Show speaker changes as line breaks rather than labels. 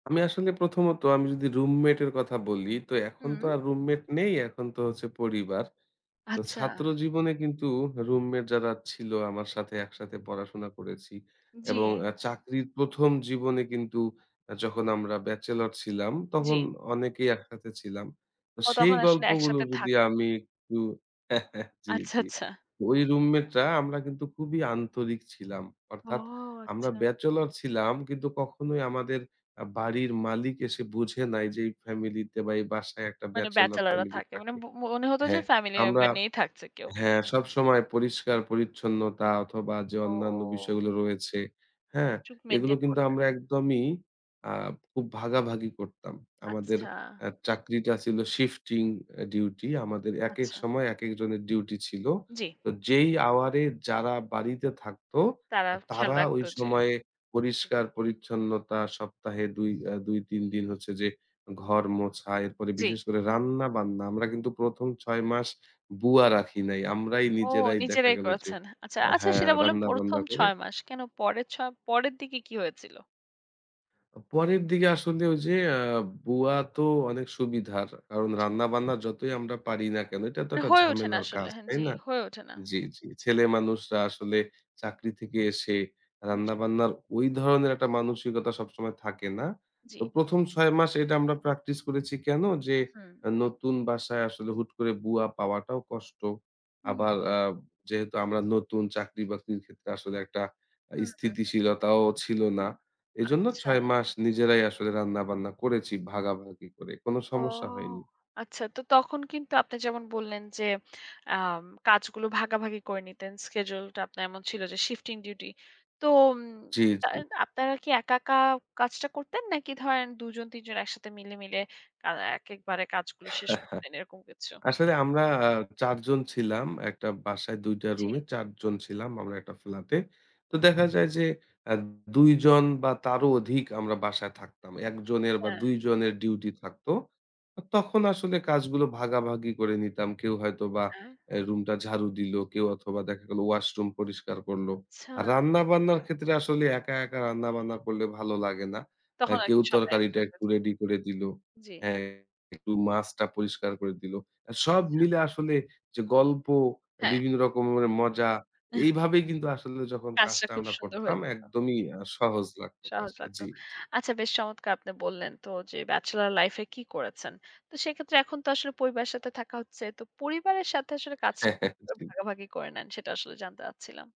আমি আসলে প্রথমত আমি যদি রুমমেট এর কথা বলি তো এখন তো
হুম।
আর রুমমেট নেই, এখন তো হচ্ছে পরিবার। তো
আচ্ছা।
ছাত্র জীবনে কিন্তু রুমমেট যারা ছিল আমার সাথে একসাথে পড়াশোনা করেছি। এবং
জি।
আ চাকরির প্রথম জীবনে কিন্তু যখন আমরা ব্যাচেলর ছিলাম তখন
জি।
অনেকেই একসাথে ছিলাম। তো
ও
সেই
তখন আসলে
গল্পগুলো
একসাথে
যদি
থাকবে।
আমি একটু জি,
আচ্ছা,
জি,
আচ্ছা।
ওই রুমমেটটা আমরা কিন্তু খুবই আন্তরিক ছিলাম।
ও
অর্থাৎ আমরা
আচ্ছা।
ব্যাচেলর ছিলাম কিন্তু কখনোই আমাদের আ বাড়ির মালিক এসে বুঝে নাই যে এই ফ্যামিলি তে বা, এই বাসায় একটা
মানে
ব্যাচেলর
ব্যাচেলররা
ফ্যামিলি
থাকে মানে
থাকে।
মনে হতো যে
হ্যাঁ,
ফ্যামিলি
আমরা
মেম্বার নিয়েই থাকছে কেউ।
হ্যাঁ সবসময় পরিষ্কার-পরিচ্ছন্নতা অথবা যে অন্যান্য
ওহ!
বিষয়গুলো রয়েছে। হ্যাঁ?
চুপ
এগুলো
মেইনটেইন
কিন্তু
করতেন।
আমরা একদমই আ খুব ভাগাভাগি করতাম। আমাদের
আচ্ছা।
চাকরিটা ছিল শিফটিং ডিউটি আমাদের একেক
আচ্ছা।
সময় একেক জনের ডিউটি ছিল।
জি।
তো যেই আওয়ার এ যারা বাড়িতে থাকতো
তারা
আ
খেয়াল
তারা ঐ
রাখত জি।
সময়ে পরিষ্কার-পরিচ্ছন্নতা সপ্তাহে ২ আ ২-৩ দিন হচ্ছে যে ঘর মোছা, এরপরে
জি।
বিশেষ করে রান্না-বান্না। আমরা কিন্তু প্রথম ৬ মাস বুয়া রাখি নাই আমরাই
ও
নিজেরাই দেখা
নিজেরাই
গেল যে
করেছেন। আচ্ছা, আচ্ছা
হ্যাঁ
সেটা বললেন প্রথম
রান্না-বান্না করে।
৬ মাস কেন পরের চ পরের দিকে কি হয়েছিল?
পরের দিকে আসলে ঐ যে আ বুয়া তো অনেক সুবিধার। কারণ
জি।
রান্না-বান্না যতই আমরা পারি না কেন, এটা তো
মানে
একটা
হয়ে ওঠে না
ঝামেলার
আসলে
কাজ,
হ্যাঁ,
তাই
জি
না?
হয়ে ওঠে না।
জি, জি ছেলে মানুষরা আসলে চাকরি থেকে এসে
জি।
রান্না-বান্নার ঐ ধরনের একটা মানসিকতা সবসময় থাকে না।
জি।
তো প্রথম ৬ মাস এটা আমরা প্র্যাকটিস করেছি কেন? যে
হুম।
নতুন বাসায় আসলে হুট করে বুয়া পাওয়াটাও কষ্ট।
হুম।
আবার আ যেহেতু আমরা নতুন চাকরি বাকরির ক্ষেত্রে আসলে একটা
হুম, হুম, হুম।
স্থিতিশীলতাও ছিল না। এজন্য
আচ্ছা।
৬ মাস নিজেরাই আসলে রান্না-বান্না করেছি ভাগাভাগি করে কোন
ও
সমস্যা হয়নি।
আচ্ছা তো তখন কিন্তু আপনি যেমন বললেন যে আম কাজগুলো ভাগাভাগি করে নিতেন, শিডিউলটা আপনার এমন ছিল যে শিফটিং ডিউটি। তো উম
জি, জি।
তাহলে আপনারা কি একা, একা কাজটা করতেন নাকি ধরেন দুজন তিনজন একসাথে মিলে, মিলে আ একেবারে কাজগুলো শেষ করতেন এরকম কিছু?
আসলে আমরা আ ৪-জন ছিলাম একটা বাসায় ২-টা
জি।
রুমে ৪-জন ছিলাম আমরা একটা ফ্লাট-এ। তো দেখা যায় যে আ ২-জন বা, তারও অধিক আমরা বাসায় থাকতাম। ১-জনের বা,
হ্যাঁ।
১-জনের ডিউটি থাকত তখন আসলে কাজগুলো ভাগাভাগি করে নিতাম। কেউ হয়তো বা
হ্যাঁ।
রুমটা ঝাড়ু দিলো, কেউ অথবা দেখা গেলো ওয়াশরুম পরিষ্কার করলো। আর
আচ্ছা।
রান্নাবান্নার ক্ষেত্রে আসলে একা, একা রান্না-বান্না করলে ভালো লাগে না। আ
তখন আর
কেউ
কি সবাই
তরকারিটা
একসাথে,
একটু
জি।
রেডি করে দিলো
জি।
হ্যাঁ একটু মাছটা পরিষ্কার করে দিল। সব
আচ্ছা।
মিলে আসলে যে গল্প
হ্যাঁ।
বিভিন্ন রকমের মজা এইভাবেই কিন্তু আসলে যখন
কাজটা
কাজটা
খুব
আমরা
সুন্দর হয়ে
করতাম
যেত।
একদমই সহজ লাগত
সহজ
কাজটা।
লাগতো,
জি, জি।
আচ্ছা বেশ চমৎকার আপনি বললেন তো যে ব্যাচেলর লাইফ-এ কি করেছেন। তো সেক্ষেত্রে এখন তো আসলে পরিবারের সাথে থাকা হচ্ছে। তো পরিবারের সাথে আসলে কাজটা কিভাবে
জি।
ভাগাভাগি করে নেন? সেটা আসলে জানতে চাচ্ছিলাম।